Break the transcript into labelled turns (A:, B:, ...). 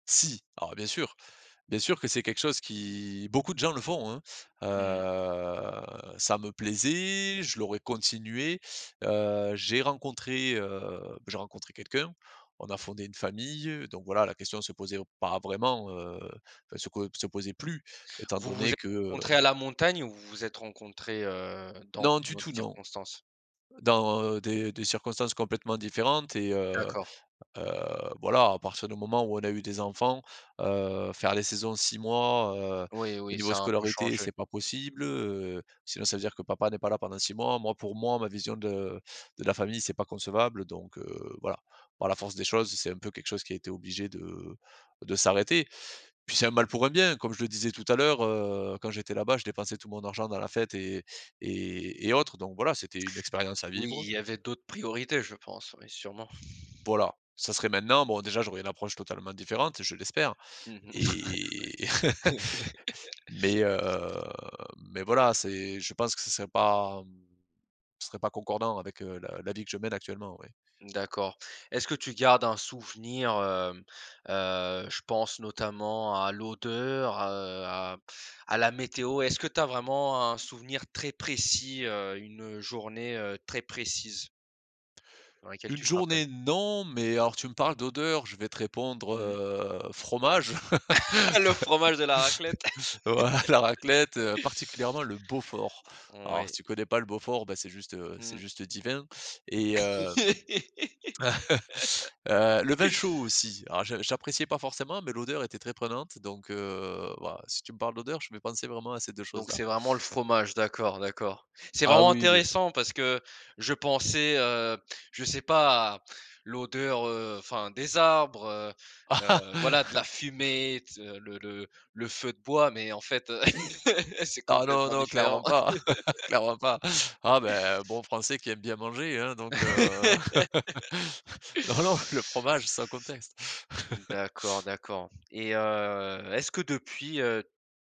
A: Si, alors bien sûr, bien sûr que c'est quelque chose qui, beaucoup de gens le font, hein.
B: Mmh mh.
A: Heu, ça me plaisait, je l'aurais continué. Heu, j'ai rencontré, heu, j'ai rencontré quelqu'un, on a fondé une famille. Donc voilà, la question se posait pas vraiment, heu, enfin, se po se posait plus étant
B: Vous vous
A: donné
B: êtes
A: que heu
B: rencontrés à la montagne ou vous vous êtes rencontrés, heu, dans
A: Non du
B: une autre
A: tout, non
B: circonstance?
A: dans des des circonstances complètement différentes et heu
B: D'accord.
A: heu, voilà, à partir du moment où on a eu des enfants, heu, faire les saisons 6 mois heu,
B: Oui,
A: au
B: oui,
A: niveau
B: ça a un peu
A: scolarité,
B: changé.
A: c'est pas possible, heu, sinon, ça veut dire que papa n'est pas là pendant 6 mois. Moi, pour moi, ma vision de de la famille, c'est pas concevable. Donc heu, voilà, par la force des choses, c'est un peu quelque chose qui a été obligé de de s'arrêter. Puis c'est un mal pour un bien, comme je le disais tout à l'heure, heu, quand j'étais là-bas, je dépensais tout mon argent dans la fête et et et autres, donc voilà, c'était une expérience à
B: Oui,
A: vivre.
B: il y avait d'autres priorités, je pense, ouais, sûrement.
A: Voilà, ça serait maintenant, bon déjà, j'aurai une approche totalement différente, je l'espère
B: Mmh mh.
A: et mais heu, mais voilà, c'est je pense que ça serait pas, hem, ça serait pas concordant avec, heu, la la vie que je mène actuellement, ouais.
B: D'accord. Est-ce que tu gardes un souvenir, hem, heu, je pense notamment à l'odeur, heu à à la météo. Est-ce que tu as vraiment un souvenir très précis heu, une, heu, journée très précise dans laquelle
A: Une
B: tu te rappelles?
A: journée non, mais alors tu me parles d'odeur, je vais te répondre,
B: Mmh mh.
A: heu, fromage,
B: Le fromage et la raclette.
A: voilà la raclette, heu, particulièrement le Beaufort. Alors
B: Ouais.
A: si tu connais pas le Beaufort, bah c'est juste, heu, c'est
B: Mmh.
A: juste divin et hem, heu, le vin chaud aussi, alors j'appréciais pas forcément, mais l'odeur était très prenante, donc heu, bah, si tu me parles d'odeur, je vais penser vraiment à ces 2
B: Donc
A: choses-là.
B: c'est vraiment le fromage, d'accord, d'accord. C'est
A: Ah
B: vraiment
A: oui le
B: intéressant parce que je pensais heu, je sais pas à l'odeur, heu, enfin des arbres, heu, voilà, de la fumée, le le le feu de bois, mais en fait, c'est
A: Ah non,
B: complètement
A: non,
B: différent.
A: clairement pas, clairement pas. Ah beh un bon français qui aime bien manger, hein, donc heu, non, non, le fromage sans contexte.
B: D'accord d'accord et heu, est-ce que depuis, heu